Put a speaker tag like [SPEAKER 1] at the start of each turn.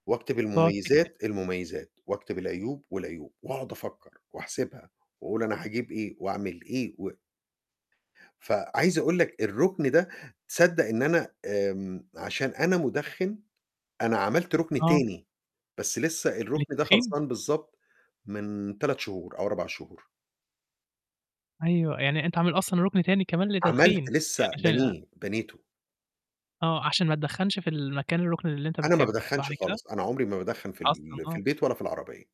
[SPEAKER 1] واكتب
[SPEAKER 2] تقعد تكتب.
[SPEAKER 1] المُميّزات، المُميّزات، واكتب العيوب، والعيوب، وأقعد أفكّر وأحسبها وأقول أنا هاجيب إيه وأعمل إيه و فعايز أقول لك الرُكن ده تصدّق إن أنا آمم، عشان أنا مُدخِّن أنا عملت رُكن
[SPEAKER 2] آه.
[SPEAKER 1] تاني، بس لسّه الرُكن ده
[SPEAKER 2] للتدخين؟
[SPEAKER 1] خلصان بالضبط من 3 شهور أو 4 شهور.
[SPEAKER 2] أيوه، يعني أنت عامل أصلًا رُكن تاني كمان لتتدخين
[SPEAKER 1] عملت
[SPEAKER 2] يعني
[SPEAKER 1] لسّه
[SPEAKER 2] عشان
[SPEAKER 1] بنيه، بنيته.
[SPEAKER 2] آه، عشان ما تدخَّنش في المكان الرُكن اللي أنت
[SPEAKER 1] أنا ما
[SPEAKER 2] بتحبه، صح
[SPEAKER 1] بادخَّنش
[SPEAKER 2] كده؟
[SPEAKER 1] خالص، أنا عمري ما بادخَّن في
[SPEAKER 2] أصلًا،
[SPEAKER 1] ال في
[SPEAKER 2] آه.
[SPEAKER 1] البيت ولا في العربية.